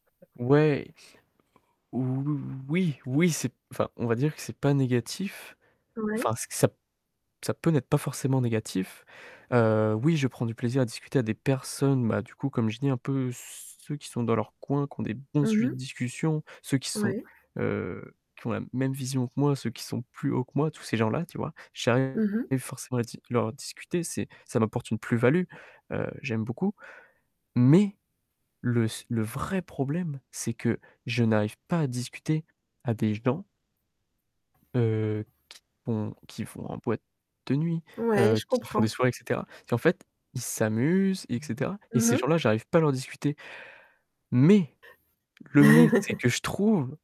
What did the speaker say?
Ouais. Ou oui oui oui, c'est enfin, on va dire que c'est pas négatif, enfin, Ouais. ça ça peut n'être pas forcément négatif, heu, oui, je prends du plaisir à discuter à des personnes, bah, du coup, comme j'ai dit un peu ceux qui sont dans leur coin, qui ont des bons Mmh sujets de mh. discussion, ceux qui sont, Ouais. heu, qui ont la même vision que moi, ceux qui sont plus haut que moi, tous ces gens-là, tu vois, j'arrive Mmh mh. forcément à dis leur discuter, c'est ça m'apporte une plus-value, heu, j'aime beaucoup mais le se le vrai problème, c'est que je n'arrive pas à discuter à des gens heu, qui vont qui vont en boîte de nuit, Ouais, heu, je qui font des comprends. soirées et cetera et en fait, ils s'amusent et cetera et Mmh ces mh. gens-là, j'arrive pas à leur discuter mais le mais, c'est que je trouve